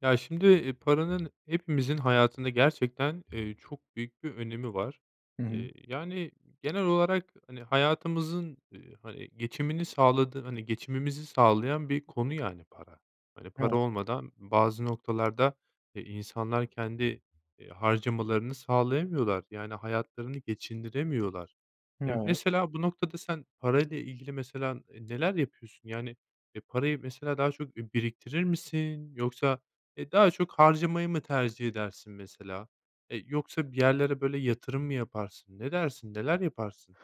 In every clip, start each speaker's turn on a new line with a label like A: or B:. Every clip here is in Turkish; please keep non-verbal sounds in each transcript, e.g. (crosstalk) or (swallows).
A: Ya, şimdi, eee, paranın hepimizin hayatında gerçekten, eee, çok büyük bir önemi var.
B: Hı hı.
A: Eee, yani genel olarak, hani, hayatımızın, eee, hani geçimini sağladığı hani geçimimizi sağlayan bir konu yani para. Hani, para
B: (unintelligible)
A: olmadan bazı noktalarda, eee, insanlar kendi, eee, harcamalarını sağlayamıyorlar, yani hayatlarını geçindiremiyorlar.
B: Hı,
A: Emm,
B: evet.
A: mesela, bu noktada sen parayla ilgili, mesela, ııı, neler yapıyorsun? Yani, eee, parayı, mesela, daha çok, eee, biriktirir misin yoksa, eee, daha çok harcamayı mı tercih edersin mesela? Eee, yoksa bir yerlere böyle yatırım mı yaparsın? Ne dersin, neler yaparsın?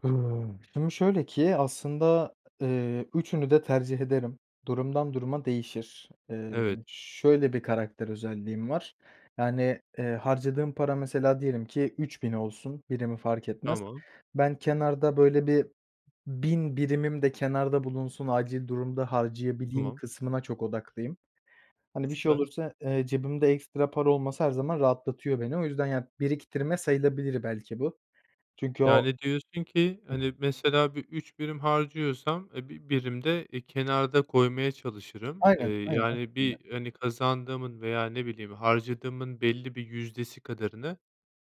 B: Hıı. Şimdi şöyle ki aslında, eee, üçünü de tercih ederim. Durumdan duruma değişir. Eee,
A: Evet.
B: şöyle bir karakter özelliğim var. Yani, eee, harcadığım para mesela diyelim ki 3.000 olsun, birimi fark etmez.
A: Tamam.
B: Ben kenarda böyle bir 1.000 birimim de kenarda bulunsun, acil durumda harcayabileyim
A: Tamam.
B: kısmına çok odaklıyım. Hani bir şey
A: Süper.
B: olursa, eee, cebimde ekstra para olması her zaman rahatlatıyor beni. O yüzden ya biriktirme sayılabilir belki bu, çünkü o
A: Yani, diyorsun ki,
B: Hı.
A: hani, mesela bir 3 birim harcıyorsam, eee, bi birim de, eee, kenarda koymaya çalışırım, eee,
B: Aynen, aynen.
A: yani
B: (unintelligible)
A: bir hani, kazandığımın veya ne bileyim, harcadığımın belli bir yüzdesi kadarını,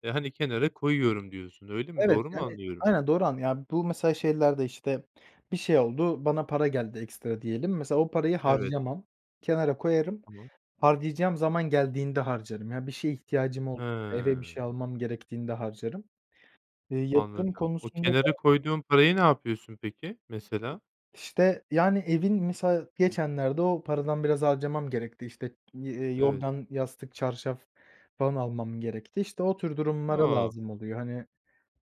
A: eee, hani, kenara koyuyorum, diyorsun. Öyle mi?
B: Evet
A: Doğru mu
B: yani,
A: anlıyorum?
B: aynen doğru anlad yani bu mesela şeylerde işte bir şey oldu, bana para geldi ekstra diyelim. Mesela o parayı
A: Evet.
B: harcamam, kenara koyarım,
A: Tamam.
B: harcayacağım zaman geldiğinde harcarım. Ya bir şeye ihtiyacım ol eve bir şey
A: He.
B: almam gerektiğinde harcarım. Eee, yatırım
A: Anladım. O
B: konusunda
A: kenara
B: da
A: koyduğun parayı ne yapıyorsun peki mesela?
B: İşte, yani evin mesela geçenlerde o paradan biraz harcamam gerekti, işte, eee,
A: Evet.
B: yorgan, yastık, çarşaf falan almam gerekti. İşte o tür durumlara
A: A!
B: lazım oluyor. Hani,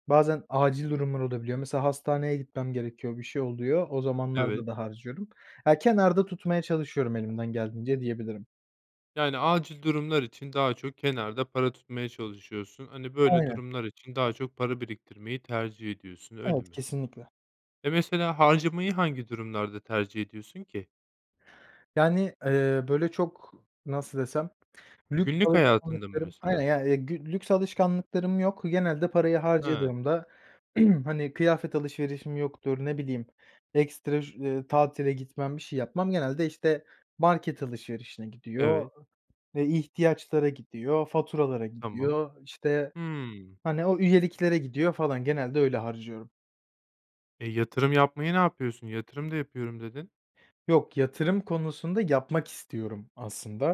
B: bazen acil durumlar olabiliyor. Mesela hastaneye gitmem gerekiyor, bir şey oluyor, o
A: Evet.
B: zamanlarda da harcıyorum. Ya, kenarda tutmaya çalışıyorum elimden geldiğince diyebilirim.
A: Yani acil durumlar için daha çok kenarda para tutmaya çalışıyorsun. Hani, böyle
B: Aynen.
A: durumlar için daha çok para biriktirmeyi tercih ediyorsun, öyle
B: Evet,
A: mi?
B: kesinlikle.
A: Eee, mesela harcamayı hangi durumlarda tercih ediyorsun ki?
B: Yani, eee, böyle, çok nasıl desem lüks
A: Günlük hayatında mı
B: alışkanlıklarım aynen,
A: mesela?
B: yani, eee, gü lüks alışkanlıklarım yok. Genelde parayı
A: He.
B: harcadığımda, (clears throat) hani, kıyafet alışverişim yoktur, ne bileyim, ekstra ş tatile gitmem, bir şey yapmam. Genelde, işte, market alışverişine gidiyor,
A: Evet.
B: eee, ihtiyaçlara gidiyor, faturalara
A: Tamam.
B: gidiyor, işte,
A: Hımm.
B: hani, o üyeliklere gidiyor falan, genelde öyle harcıyorum.
A: Eee, yatırım yapmayı ne yapıyorsun? Yatırım da yapıyorum, dedin.
B: Yok, yatırım konusunda yapmak istiyorum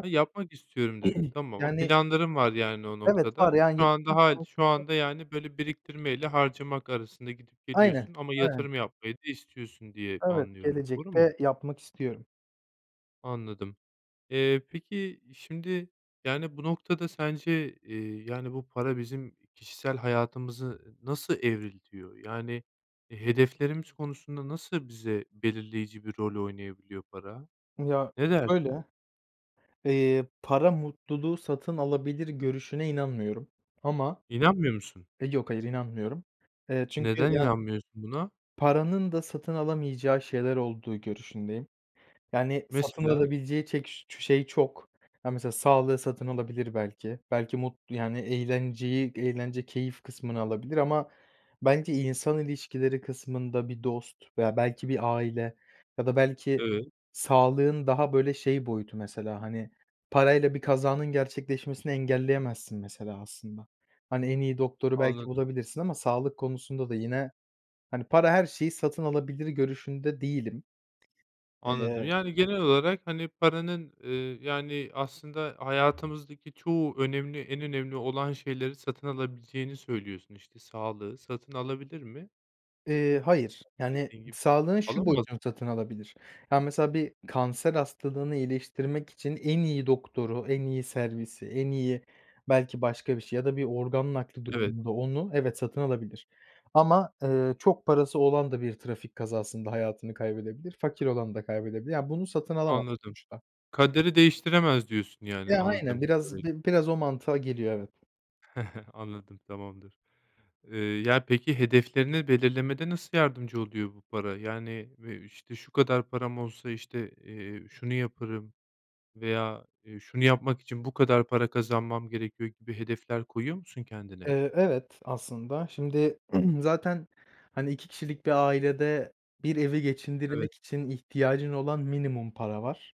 A: Ha, yapmak istiyorum, dedin.
B: (clears throat)
A: Tamam.
B: Yani
A: Planların var, yani, o
B: Evet, var,
A: noktada
B: yani,
A: şu an
B: yatırım
A: daha şu
B: konusunda
A: anda, yani, böyle biriktirmeyle harcamak arasında gidip
B: Aynen,
A: geliyorsun ama
B: aynen.
A: yatırım yapmayı da istiyorsun diye
B: Evet,
A: anlıyorum, doğru mu?
B: gelecekte yapmak istiyorum.
A: Anladım. Eee, peki, şimdi, yani, bu noktada sence, eee, yani, bu para bizim kişisel hayatımızı nasıl evriltiyor? Yani, eee, hedeflerimiz konusunda nasıl bize belirleyici bir rol oynayabiliyor para?
B: Ya,
A: Ne dersin?
B: şöyle: Eee, para mutluluğu satın alabilir görüşüne inanmıyorum ama
A: İnanmıyor musun?
B: Eee, yok, hayır, inanmıyorum, eee, çünkü
A: Neden
B: ya
A: inanmıyorsun buna?
B: Paranın da satın alamayacağı şeyler olduğu görüşündeyim. Yani, satın
A: Mesela?
B: alabileceği çek ş çu şey çok. Ha, mesela sağlığı satın alabilir belki. Belki mut yani, eğlenceyi Eğlence, keyif kısmını alabilir ama bence insan ilişkileri kısmında, bir dost veya belki bir aile ya da belki
A: Evet.
B: sağlığın daha, böyle, şey boyutu mesela, hani, parayla bir kazanın gerçekleşmesini engelleyemezsin mesela aslında. Hani, en iyi doktoru belki
A: Anladım.
B: bulabilirsin ama sağlık konusunda da yine, hani, para her şeyi satın alabilir görüşünde değilim.
A: Anladım.
B: Eee
A: Yani, genel olarak, hani, paranın, eee, yani, aslında hayatımızdaki çoğu önemli, en önemli olan şeyleri satın alabileceğini söylüyorsun, işte, sağlığı satın alabilir mi?
B: Eee, hayır. Yani,
A: Dediğin gibi,
B: sağlığın şu
A: alamaz.
B: boyutunu satın alabilir. Ya, mesela bir kanser hastalığını iyileştirmek için en iyi doktoru, en iyi servisi, en iyi belki başka bir şey ya da bir organ nakli
A: Evet.
B: durumunda onu evet, satın alabilir. Ama, eee, çok parası olan da bir trafik kazasında hayatını kaybedebilir, fakir olan da kaybedebilir. Ya, bunu satın alamaz
A: Anladım.
B: uçta.
A: "Kaderi değiştiremez." diyorsun, yani,
B: Ya, aynen.
A: anladığım kadarıyla.
B: Biraz bi biraz o mantığa geliyor, evet.
A: (chuckles) Anladım, tamamdır. Eee, ya, peki, hedeflerini belirlemede nasıl yardımcı oluyor bu para? Yani, eee, işte, "Şu kadar param olsa, işte, eee, şunu yaparım." veya, eee, "Şunu yapmak için bu kadar para kazanmam gerekiyor." gibi hedefler koyuyor musun kendine?
B: Eee, evet, aslında şimdi (clears throat) zaten, hani, 2 kişilik bir ailede bir evi
A: Evet.
B: geçindirmek için ihtiyacın olan minimum para var.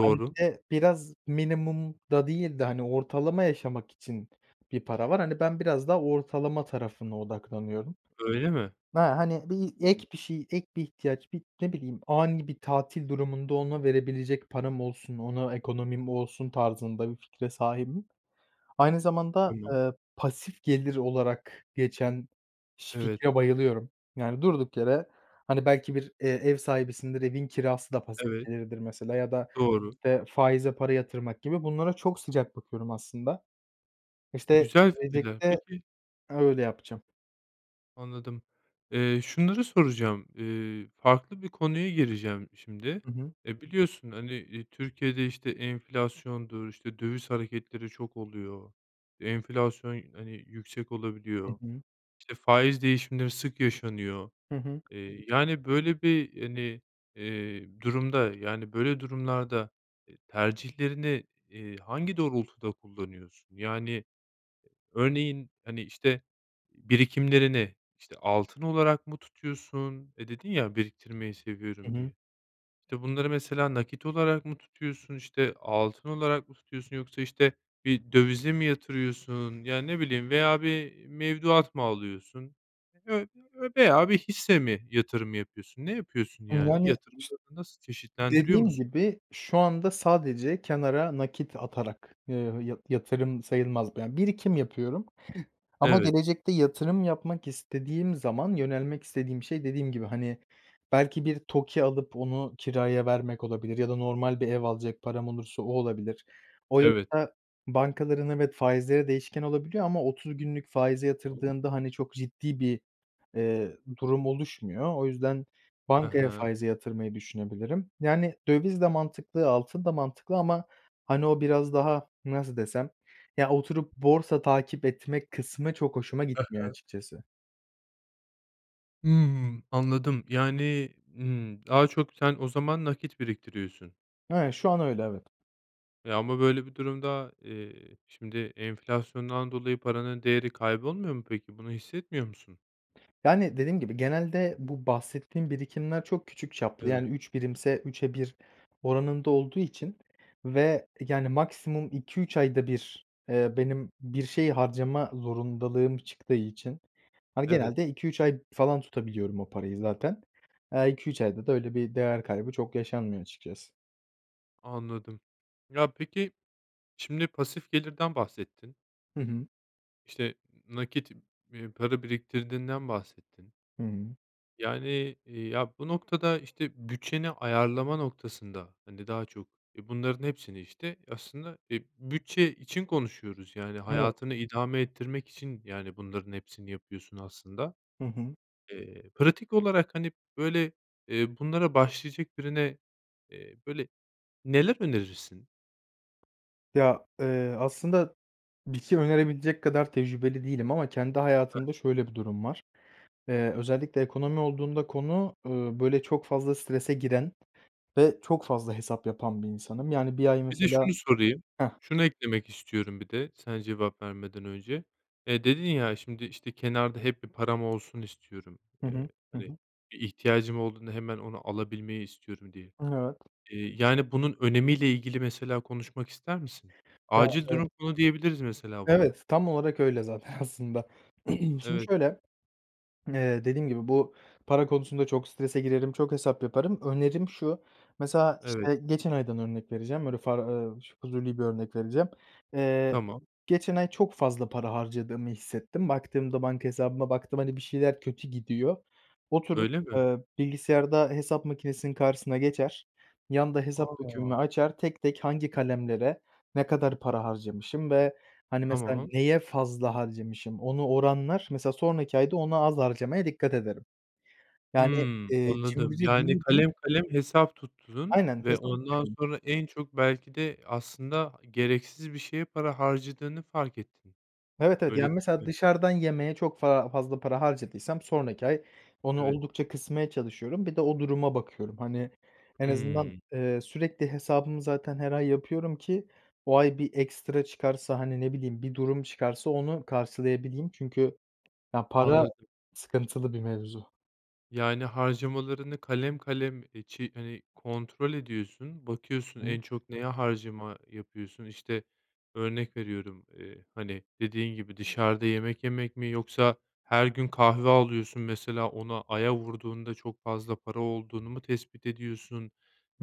B: Hani, bir de biraz minimumda değil de, hani, ortalama yaşamak için bir para var, hani, ben biraz daha ortalama tarafına odaklanıyorum.
A: Öyle mi?
B: Ha, hani, bir
A: (unintelligible)
B: ek bir şey, ek bir ihtiyaç, bir ne bileyim, ani bir tatil durumunda ona verebilecek param olsun, ona ekonomim olsun tarzında bir fikre sahibim. Aynı zamanda,
A: Tamam.
B: eee, pasif gelir olarak geçen şi
A: Evet.
B: fikre bayılıyorum. Yani, durduk yere, hani, belki bir, eee, ev sahibisindir, evin kirası da pasif
A: Evet.
B: gelirdir, mesela ya da,
A: Doğru.
B: eee, faize para yatırmak gibi, bunlara çok sıcak bakıyorum aslında. İşte,
A: Güzel fikirler,
B: gelecekte
A: peki
B: öyle yapacağım.
A: Anladım, eee, şunları soracağım, eee, farklı bir konuya gireceğim şimdi.
B: Hı hı.
A: Eee, biliyorsun, hani, eee, Türkiye'de, işte, enflasyondur, işte, döviz hareketleri çok oluyor. Enflasyon, hani, yüksek
B: Hı
A: olabiliyor,
B: hı.
A: İşte, faiz değişimleri sık yaşanıyor.
B: Hı hı.
A: Eee, yani, böyle bir, hani, eee, durumda, yani böyle durumlarda, eee, tercihlerini, eee, hangi doğrultuda kullanıyorsun? Yani, örneğin, hani, işte, birikimlerini, işte, altın olarak mı tutuyorsun? Eee, dedin ya "Biriktirmeyi
B: Hı
A: seviyorum."
B: hı.
A: diye. İşte, bunları mesela nakit olarak mı tutuyorsun? İşte, altın olarak mı tutuyorsun? Yoksa, işte, bir dövize mi yatırıyorsun? Ya, ne bileyim veya bir mevduat mı alıyorsun ö ö veya bir hisse mi yatırım yapıyorsun? Ne yapıyorsun
B: Imm,
A: yani,
B: yani (unintelligible)
A: yatırımlarını nasıl çeşitlendiriyor
B: Dediğim
A: musun?
B: gibi, şu anda sadece kenara nakit atarak, ııı, yı yatırım sayılmaz. Ben birikim yapıyorum ama
A: Evet.
B: gelecekte yatırım yapmak istediğim zaman, yönelmek istediğim şey, dediğim gibi, hani, belki bir TOKİ alıp onu kiraya vermek olabilir ya da normal bir ev alacak param olursa o olabilir. O
A: Evet.
B: yoksa bankaların evet faizleri değişken olabiliyor ama 30 günlük faize
A: Tamam.
B: yatırdığında, hani, çok ciddi bir, eee, durum oluşmuyor. O yüzden
A: He
B: bankaya
A: he.
B: faize yatırmayı düşünebilirim. Yani, döviz de mantıklı, altın da mantıklı ama, hani, o biraz daha, nasıl desem, ya oturup borsa takip etme kısmı çok hoşuma
A: He
B: gitmiyor
A: he.
B: açıkçası.
A: Hımm, anladım. Yani, ımm, daha çok sen o zaman nakit biriktiriyorsun.
B: Ha, şu an öyle, evet.
A: E, ama böyle bir durumda, eee, şimdi enflasyondan dolayı paranın değeri kaybolmuyor mu peki, bunu hissetmiyor musun?
B: Yani, dediğim gibi, genelde bu bahsettiğim birikimler çok küçük çaplı,
A: Evet.
B: yani, 3 birimse 3'e 1 oranında olduğu için ve, yani, maksimum 2-3 ayda 1, eee, benim bir şey harcama zorundalığım çıktığı için, hani,
A: Evet.
B: genelde 2-3 ay falan tutabiliyorum o parayı zaten. Aaa, 2-3 ayda da öyle bir değer kaybı çok yaşanmıyor açıkçası.
A: Anladım. Ya peki, şimdi pasif gelirden bahsettin
B: Hı hı.
A: işte, nakit, eee, para biriktirdiğinden bahsettin
B: Hı hı.
A: yani, eee, ya, bu noktada, işte, bütçeni ayarlama noktasında hani daha çok, e, bunların hepsini, işte, aslında, e, bütçe için konuşuyoruz. Yani,
B: Evet.
A: hayatını idame ettirmek için, yani, bunların hepsini yapıyorsun aslında.
B: Hı hı.
A: Eee, pratik olarak, hani, böyle, eee, bunlara başlayacak birine, eee, böyle, neler önerirsin?
B: Ya, eee, aslında bir şey önerebilecek kadar tecrübeli değilim ama kendi
A: (unintelligible)
B: hayatımda şöyle bir durum var, eee, özellikle ekonomi olduğunda konu, ııı, böyle, çok fazla strese giren ve çok fazla hesap yapan bir insanım. Yani, 1 ay,
A: Bir de
B: mesela
A: şunu sorayım,
B: Heh.
A: şunu eklemek istiyorum bir de sen cevap vermeden önce: Eee, dedin ya şimdi, işte, kenarda hep bir param olsun istiyorum.
B: Hı
A: Eee,
B: hı. Hı
A: hani,
B: hı.
A: bir ihtiyacım olduğunda hemen onu alabilmeyi istiyorum, diye.
B: Evet.
A: Eee, yani, bunun önemi ile ilgili, mesela, konuşmak ister misin?
B: Ya,
A: Acil
B: eve
A: durum fonu diyebiliriz mesela buna.
B: Evet, tam olarak öyle zaten aslında. (clears throat) Şimdi,
A: Evet.
B: şöyle, (swallows) eee, dediğim gibi bu para konusunda çok strese girerim, çok hesap yaparım. Önerim şu, mesela,
A: Evet.
B: işte, geçen aydan örnek vereceğim, öyle far eee, ş fuzuli bir örnek vereceğim. Eee,
A: Tamam.
B: geçen ay çok fazla para harcadığımı hissettim. Baktığımda, banka hesabıma baktım, hani, bir şeyler kötü gidiyor. Oturup,
A: Öyle mi?
B: eee, bilgisayarda hesap makinesinin karşısına geçer, yanda hesap
A: A!
B: dökümümü açar, tek tek hangi kalemlere ne kadar para harcamışım ve, hani, mesela
A: Tamam.
B: neye fazla harcamışım? Onu oranlar, mesela, sonraki ayda ona az harcamaya dikkat ederim. Yani,
A: Hımm.
B: eee,
A: Anladım,
B: cimrici
A: yani,
B: değildim.
A: kalem kalem hesap tuttuğun
B: Aynen,
A: ve ondan
B: hesaplıyorum.
A: sonra en çok belki de aslında gereksiz bir şeye para harcadığını fark ettin,
B: Evet, evet.
A: öyle
B: Yani
A: değil
B: mesela
A: mi?
B: dışarıdan yemeğe çok fa fazla para harcadıysam sonraki ay onu
A: Evet.
B: oldukça kısmaya çalışıyorum. Bir de o duruma bakıyorum, hani, en azından,
A: Hımm.
B: eee, sürekli hesabımı zaten her ay yapıyorum ki o ay bir ekstra çıkarsa, hani, ne bileyim, bir durum çıkarsa onu karşılayabileyim. Çünkü ya, para
A: Anladım.
B: sıkıntılı bir mevzu.
A: Yani, harcamalarını kalem kalem, eee, çi hani, kontrol ediyorsun, bakıyorsun,
B: Hı hı.
A: en çok neye harcama yapıyorsun, işte, örnek veriyorum. Eee, hani, dediğin gibi dışarıda yemek yemek mi yoksa her gün kahve alıyorsun. Mesela, ona aya vurduğunda çok fazla para olduğunu mu tespit ediyorsun?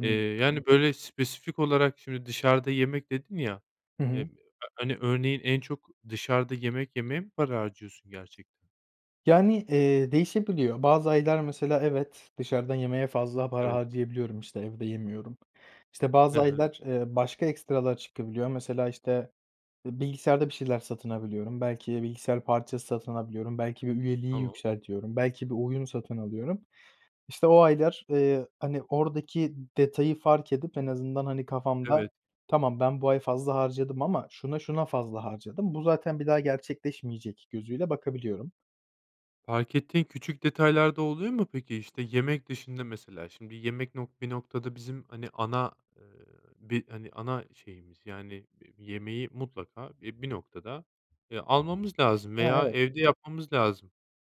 A: Eee, yani, böyle, spesifik olarak şimdi dışarıda yemek dedin ya,
B: Hı hı.
A: eee, hani, örneğin en çok dışarıda yemek yemeye mi para harcıyorsun gerçekten?
B: Yani, eee, değişebiliyor. Bazı aylar, mesela, evet, dışarıdan yemeye fazla para
A: Evet.
B: harcayabiliyorum, işte, evde yemiyorum. İşte,
A: He
B: bazı
A: he.
B: aylar, eee, başka ekstralar çıkabiliyor, mesela, işte, eee, bilgisayarda bir şeyler satın alabiliyorum, belki bilgisayar parçası satın alabiliyorum, belki bir üyeliği
A: Tamam.
B: yükseltiyorum, belki bir oyun satın alıyorum. İşte, o aylar, eee, hani, oradaki detayı fark edip en azından, hani, kafamda
A: Evet.
B: "Tamam, ben bu ay fazla harcadım ama şuna, şuna fazla harcadım, bu zaten bir daha gerçekleşmeyecek." gözüyle bakabiliyorum.
A: Fark ettiğin küçük detaylar da oluyor mu peki? İşte, yemek dışında, mesela, şimdi yemek nok bir noktada bizim, hani, ana, eee, bir, hani, ana şeyimiz, yani, bi bir yemeği mutlaka, e, bir noktada, eee, almamız lazım
B: Ha,
A: veya
B: evet.
A: evde yapmamız lazım.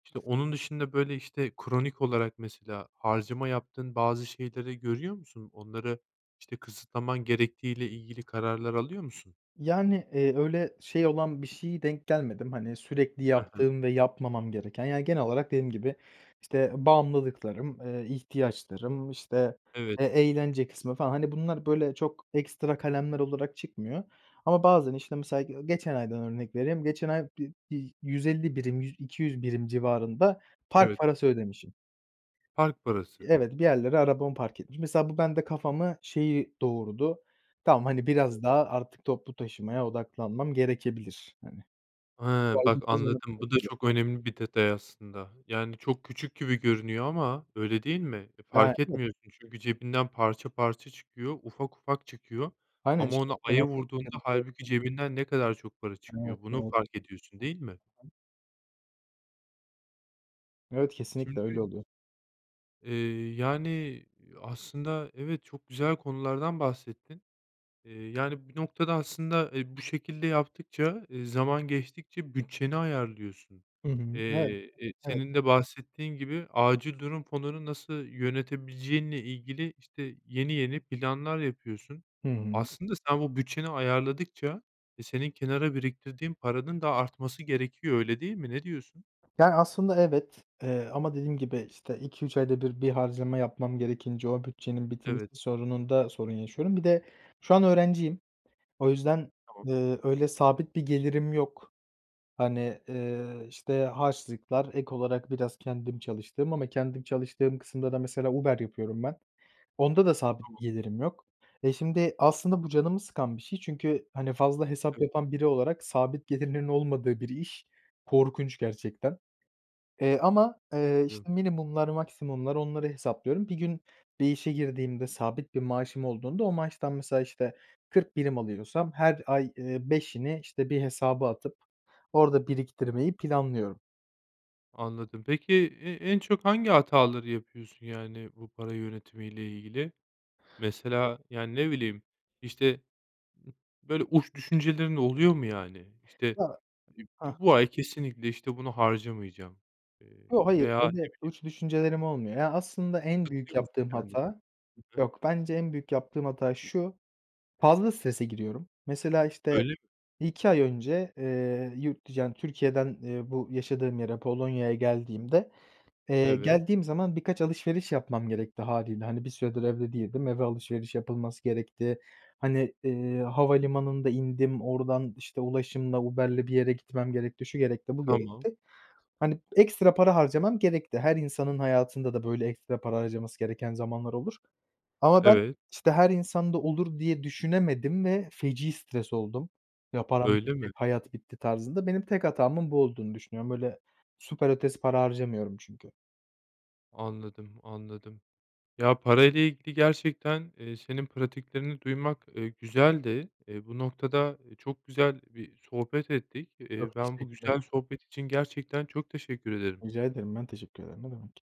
A: İşte, onun dışında, böyle, işte kronik olarak mesela, harcama yaptığın bazı şeyleri görüyor musun? Onları, işte, kısıtlaman gerektiği ile ilgili kararlar alıyor musun?
B: Yani, eee, öyle şey olan bir şeye denk gelmedim, hani, sürekli
A: He he.
B: yaptığım ve yapmamam gereken, yani, genel olarak dediğim gibi, işte, bağımlılıklarım, eee, ihtiyaçlarım, işte,
A: Evet.
B: e eğlence kısmı falan, hani, bunlar, böyle, çok ekstra kalemler olarak çıkmıyor ama bazen, işte, mesela ge geçen aydan örnek vereyim, geçen ay bir bir 150 birim, yü 200 birim civarında park
A: Evet.
B: parası ödemişim.
A: Park parası.
B: Evet, bir yerlere arabamı park etmi Mesela, bu bende kafamı şeyi doğurdu: "Tamam, hani, biraz daha artık toplu taşımaya odaklanmam gerekebilir." hani
A: He! Bak, anladım, bu da
B: (unintelligible)
A: çok önemli bir detay aslında, yani, çok küçük gibi görünüyor ama öyle değil mi? E, fark
B: (unintelligible)
A: etmiyorsun çünkü cebinden parça parça çıkıyor. Ufak ufak çıkıyor
B: Aynen,
A: ama
B: işte
A: onu aya vurduğunda
B: (unintelligible)
A: hâlbuki cebinden ne kadar çok para
B: Evet,
A: çıkıyor, bunu
B: evet.
A: fark ediyorsun, değil mi?
B: (unintelligible) Evet, kesinlikle öyle
A: Şimdi
B: oluyor.
A: Eee, yani, eee, aslında evet, çok güzel konulardan bahsettin. Eee, yani bir noktada aslında, eee, bu şekilde yaptıkça, eee, zaman geçtikçe bütçeni ayarlıyorsun.
B: Hı hı, evet.
A: Eee, e,
B: Evet.
A: senin de bahsettiğin gibi acil durum fonunu nasıl yönetebileceğinle ilgili, işte, yeni yeni planlar yapıyorsun.
B: Hı hı.
A: Aslında sen bu bütçeni ayarladıkça, e, senin kenara biriktirdiğin paranın da artması gerekiyor, öyle değil mi? Ne diyorsun?
B: Yani, aslında evet, eee, ama dediğim gibi, işte, 2-3 ayda 1 bir harcama yapmam gerekince o bütçenin bitmesi
A: Evet.
B: sorununda sorun yaşıyorum. Bir de şu an öğrenciyim, o yüzden,
A: Tamam.
B: eee, öyle sabit bir gelirim yok. Hani, eee, işte, harçlıklar, ek olarak biraz kendim çalıştığım ama kendim çalıştığım kısımda da mesela Uber yapıyorum ben. Onda da sabit
A: Tamam.
B: bir gelirim yok. E, şimdi aslında bu canımı sıkan bir şey çünkü, hani, fazla hesap
A: Tabii.
B: yapan biri olarak sabit gelirlerin olmadığı bir iş korkunç gerçekten. Eee, ama, eee,
A: Evet.
B: işte, minimumlar, maksimumlar, onları hesaplıyorum. Bir gün bir işe girdiğimde, sabit bir maaşım olduğunda, o maaştan mesela, işte, 40 birim alıyorsam her ay, eee, 5'ini, işte, bir hesaba atıp orada biriktirmeyi planlıyorum.
A: Anladım. Peki, e en çok hangi hataları yapıyorsun, yani, bu para yönetimi ile ilgili? Mesela, yani, ne bileyim, işte, ı böyle, uç düşüncelerin oluyor mu yani? İşte,
B: Ya
A: (unintelligible)
B: hah.
A: "Bu ay kesinlikle, işte, bunu harcamayacağım?" eee,
B: Yo, hayır,
A: veya ne
B: öyle
A: bileyim
B: uç düşüncelerim olmuyor. Ya, aslında en büyük
A: Tutuyor musun
B: yaptığım
A: kendini?
B: hata
A: Hı hı.
B: yok, bence en büyük yaptığım hata şu, fazla strese giriyorum. Mesela, işte,
A: Öyle mi?
B: 1-2 ay önce, eee, yurt dı yani, Türkiye'den, eee, bu yaşadığım yere Polonya'ya geldiğimde, eee,
A: Evet.
B: geldiğim zaman birkaç alışveriş yapmam gerekti hâliyle. Hani, bir süredir evde değildim, eve alışveriş yapılması gerekti. Hani, eee, havalimanında indim, oradan, işte, ulaşımla, Uber'le bir yere gitmem gerekti, şu gerekti, bu
A: Tamam.
B: gerekti. Hani, ekstra para harcamam gerekti, her insanın hayatında da böyle ekstra para harcaması gereken zamanlar olur. Ama ben,
A: Evet.
B: işte, her insanda olur diye düşünemedim ve feci stres oldum, "Ya param
A: Öyle mi?
B: bitti, hayat bitti tarzında." Benim tek hatamın bu olduğunu düşünüyorum. Böyle süper ötesi para harcamıyorum çünkü.
A: Anladım, anladım. Ya, para ile ilgili gerçekten, eee, senin pratiklerini duymak, eee, güzeldi. Eee, bu noktada, eee, çok güzel bir sohbet ettik. Eee,
B: Çok
A: ben bu
B: teşekkürler.
A: güzel sohbet için gerçekten çok teşekkür ederim
B: Rica ederim, ben teşekkür ederim. Ne demek.